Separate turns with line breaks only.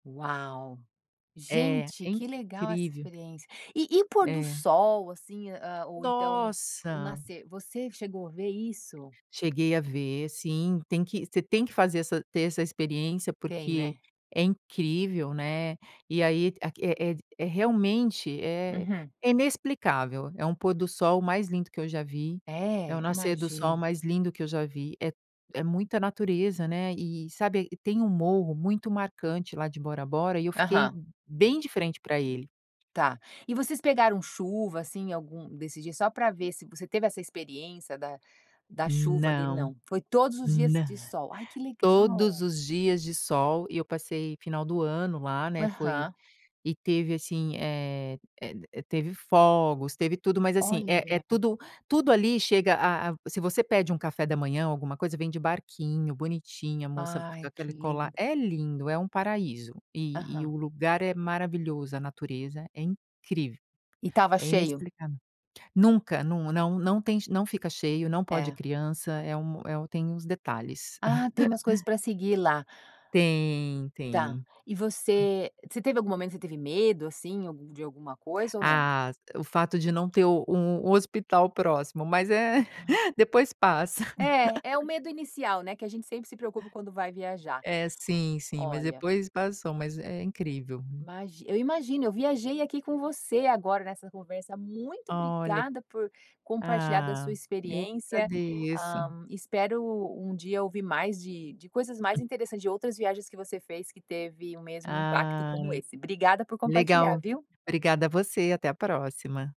Uau.
É,
Gente,
é
que legal essa
incrível.
experiência. E e o pôr do
É.
sol, assim, a o ou então, o
Nossa.
nascer, você chegou a ver isso?
Cheguei a ver, sim, tem que você tem que fazer essa ter essa experiência
Tem,
porque,
né.
é incrível, né. E aí, é é realmente é
Uhum.
é inexplicável, é um pôr do sol mais lindo que eu já vi, é o
É
nascer do sol
imagino.
mais lindo que eu já vi, é é muita natureza, né. E sabe, tem um morro muito marcante lá de Bora Bora, e eu fiquei
Aham.
bem de frente pra ele.
Tá, e vocês pegaram chuva assim, algum desses dias, só pra ver se você teve essa experiência da da chuva ali
Não,
não. Foi todos os dias de
nã
sol, ai que
todos
legal.
os dias de sol e eu passei final do ano lá, né, foi
Aham.
e teve assim, eh, teve fogos teve tudo mas assim é é
Olha.
tudo tudo ali chega a a, se você pede um café da manhã alguma coisa, vem de barquinho bonitinho a moça fica com
Ai que
aquela colar,
lindo.
é lindo é um paraíso e e
Aham.
o lugar é maravilhoso a natureza é incrível
E estava
é
cheio?
inexplicável, nunca, não não tem não fica cheio, não pode
É.
criança, é um é o tem os detalhes.
Ah tem umas coisas para seguir lá.
Tem
Tá
tem.
e você você teve algum momento você teve medo assim, algu de alguma coisa ou não?
Ah, o fato de não ter o um hospital próximo, mas é,
Aham.
depois passa.
É, é o medo inicial, né. Que a gente sempre se preocupa quando vai viajar.
É sim, sim mas
Olha.
depois passou, mas é incrível.
Imagino. Eu imagino, eu viajei aqui com você agora nessa conversa, muito
Olha,
obrigada por compartilhar da sua
ah, eu que
experiência.
agradeço.
Hã, espero um dia ouvir mais de de coisas mais interessantes, de outras viagens que você fez que teve o mesmo impacto
Ah.
como esse. Obrigada por compartilhar,
Legal,
viu.
obrigada você e até a próxima.